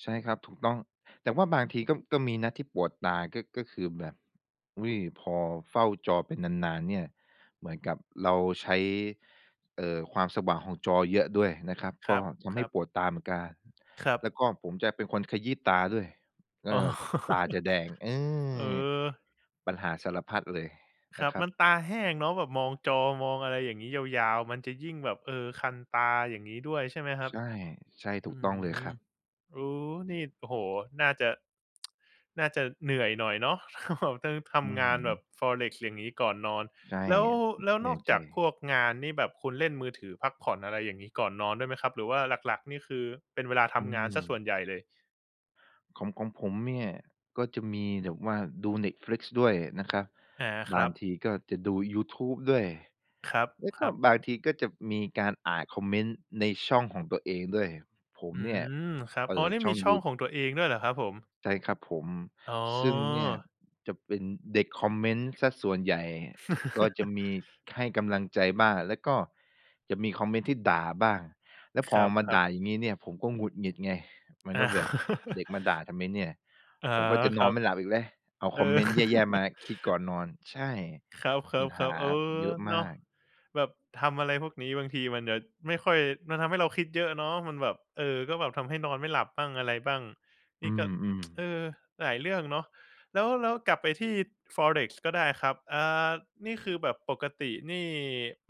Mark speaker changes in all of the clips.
Speaker 1: ใช่ครับ ถูกต้อง แต่ว่าบางทีก็ ก็มีนะที่ปวดตา ก็ ก็คือแบบ อุ๊ย พอเฝ้าจอไปนาน ๆ เนี่ย เหมือนกับเราใช้ เอ่อ ความสว่างของจอเยอะด้วยนะครับ
Speaker 2: ค
Speaker 1: ก
Speaker 2: ร
Speaker 1: ็
Speaker 2: ับ
Speaker 1: ท
Speaker 2: ค
Speaker 1: ำใ
Speaker 2: ร
Speaker 1: ห้
Speaker 2: ับ
Speaker 1: ปวดตาเหมือนกัน
Speaker 2: ครับ
Speaker 1: แล้วก็ผมจะเป็นคนขยี้ตาด้วย เอ
Speaker 2: อ๋อ
Speaker 1: อ ตาจะแดง เอ
Speaker 2: เออ
Speaker 1: อ ปัญหาสารพัดเลย
Speaker 2: ค
Speaker 1: น
Speaker 2: ร
Speaker 1: ะ
Speaker 2: ับ
Speaker 1: ครั
Speaker 2: มั
Speaker 1: บ
Speaker 2: นตาแห้งเนาะแบบมองจอ มองอะไรอย่างงี้ ยาว ๆ มันจะยิ่งแบบ เออ คันตา อย่างงี้ด้วย ใช่ไหมครั
Speaker 1: ใ
Speaker 2: บ?
Speaker 1: ช่ ใช่ ถ
Speaker 2: อ
Speaker 1: ู
Speaker 2: ื้
Speaker 1: กต
Speaker 2: อ
Speaker 1: ้อง
Speaker 2: ฮื
Speaker 1: เลย
Speaker 2: อ
Speaker 1: ครับ
Speaker 2: โอ้ นี่ โอ้โฮ น่าจะ น่าจะเหนื่อยหน่อยเนาะ ต้องท
Speaker 1: อื้อ
Speaker 2: ำง
Speaker 1: ฮ
Speaker 2: า
Speaker 1: ื
Speaker 2: นแบบ
Speaker 1: อ
Speaker 2: forex อย่างงี้ก่อนนอน
Speaker 1: ใช่
Speaker 2: แล้ว แล้ว
Speaker 1: เหน
Speaker 2: น
Speaker 1: ื่
Speaker 2: อ
Speaker 1: อ
Speaker 2: ก
Speaker 1: ยใจ
Speaker 2: จากพวกงานนี่แบบคุณเล่นมือถือพักผ่อน อะไรอย่างงี้ ก่อนนอนด้วยไหมครับ หรือว่าหลัก ๆ นี่คือเป็นเวลาท
Speaker 1: อื
Speaker 2: ำงานเสียส
Speaker 1: ม
Speaker 2: ่วนใหญ่เลย?
Speaker 1: ของ ของผมเนี่ย ก็จะมีแบบว่าดู Netflix ด้วยนะครับ
Speaker 2: อา ค
Speaker 1: บ
Speaker 2: ร
Speaker 1: า
Speaker 2: ั
Speaker 1: ง
Speaker 2: บ
Speaker 1: ทีก็จะดูยูทูบด้วย
Speaker 2: ครับ
Speaker 1: แล้ว
Speaker 2: ค
Speaker 1: ก
Speaker 2: ร
Speaker 1: ็
Speaker 2: ับ
Speaker 1: บางทีก็จะมีการอ่านคอมเมนต์ในช่องของตัวเองด้วย ผม
Speaker 2: อื
Speaker 1: เนี่ย
Speaker 2: ม ครับ
Speaker 1: เป
Speaker 2: อ๋
Speaker 1: ิ
Speaker 2: อ
Speaker 1: ด
Speaker 2: นี่
Speaker 1: ช่
Speaker 2: มี
Speaker 1: อง
Speaker 2: ช่
Speaker 1: ย
Speaker 2: อ
Speaker 1: ู
Speaker 2: งของตัวเองด้วยเหรอครับผม?
Speaker 1: ใช่ครับผม
Speaker 2: อ๋
Speaker 1: ซึ่งเนี่ย
Speaker 2: อ
Speaker 1: จะเป็นเด็กคอมเมนต์เสียส่วนใหญ่ ก็จะมีให้กำลังใจบ้าง แล้วก็จะมีคอมเมนต์ที่ด่าบ้าง แล้ว
Speaker 2: ค
Speaker 1: พอ
Speaker 2: รับ
Speaker 1: มา
Speaker 2: ครั
Speaker 1: ด
Speaker 2: บ
Speaker 1: ่าอย่างงี้เนี่ย ผมก็หงุดหงิดไง มัน
Speaker 2: อ
Speaker 1: ก็แบบเด
Speaker 2: า
Speaker 1: ็กมาด่าทำไมเนี่ย
Speaker 2: อ๋อ
Speaker 1: ผมก็จะ
Speaker 2: ค
Speaker 1: น
Speaker 2: ร
Speaker 1: อ
Speaker 2: ั
Speaker 1: น
Speaker 2: บ
Speaker 1: ไม่หลับอีกแล้ว เอา
Speaker 2: เอ
Speaker 1: คอม
Speaker 2: อ
Speaker 1: เมนต์แย่ ๆ มาคิดก่อนนอน ใช่
Speaker 2: ครั
Speaker 1: ปั
Speaker 2: บ
Speaker 1: ญ
Speaker 2: ๆ ๆ
Speaker 1: หา
Speaker 2: เออ
Speaker 1: เยอะ
Speaker 2: เ
Speaker 1: ม
Speaker 2: นาะ
Speaker 1: าก
Speaker 2: แบบทำอะไรพวกนี้บางทีมันจะไม่ค่อย มันทำให้เราคิดเยอะเนาะ มันแบบ เออ ก็แบบทำให้นอนไม่หลับบ้างอะไรบ้าง น
Speaker 1: อื
Speaker 2: ี่ก็
Speaker 1: ม
Speaker 2: เอ
Speaker 1: ๆ
Speaker 2: อ หลายเรื่องเนาะ แล้ว แล้วกลับไปที่ forex ก็ได้ครับ อา นี่คือแบบปกตินี่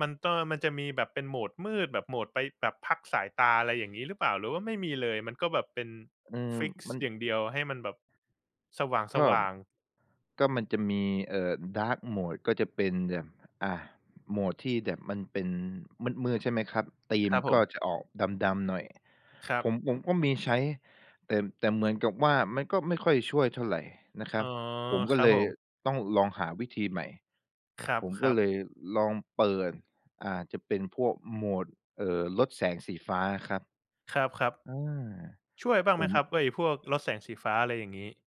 Speaker 2: มันต้อง แล้วมันจะมีแบบเป็น mode มืดแบบ mode ไปแบบพักสายตา อะไรอย่างงี้หรือเปล่า หรือว่าไม่มีเลย? มันก็แบบเป็น
Speaker 1: อืม
Speaker 2: ฟิกซ
Speaker 1: ม
Speaker 2: ์
Speaker 1: ัน
Speaker 2: อย่างเดียว ให้มันแบบสว
Speaker 1: ก็
Speaker 2: ่าง ๆ
Speaker 1: ก็มันจะมี เอ่อ dark mode ก็จะเป็นแบบ อ่า mode ที่แบบมันเป็นมืด ๆ ใช่ไหมครับ ธี
Speaker 2: ค
Speaker 1: ม
Speaker 2: รับผ
Speaker 1: ก็
Speaker 2: ม
Speaker 1: จะออกดำ ๆ หน่อย
Speaker 2: ครั
Speaker 1: ผ
Speaker 2: บ
Speaker 1: ม ผมก็มีใช้ แต่ แต่เหมือนกับว่า มันก็ไม่ค่อยช่วยเท่าไรนะคร
Speaker 2: อ
Speaker 1: ั
Speaker 2: ๋อ
Speaker 1: บ ผมก
Speaker 2: ค
Speaker 1: ็
Speaker 2: รั
Speaker 1: เ
Speaker 2: บ
Speaker 1: ล
Speaker 2: ผ
Speaker 1: ย
Speaker 2: ม
Speaker 1: ต้องลองหาวิธีใหม่
Speaker 2: คร
Speaker 1: ผมก็
Speaker 2: ับ ๆ
Speaker 1: เลยลองเปิด อ่า จะเป็นพวก mode เอ่อ ลดแสงสีฟ้าอะครับ
Speaker 2: ครับ
Speaker 1: อา
Speaker 2: ๆ ช่วยบ้าง
Speaker 1: ผ
Speaker 2: ไหม
Speaker 1: ม
Speaker 2: ครับ ไอ้พวกลดแสงสีฟ้า อะไรอย่างงี้?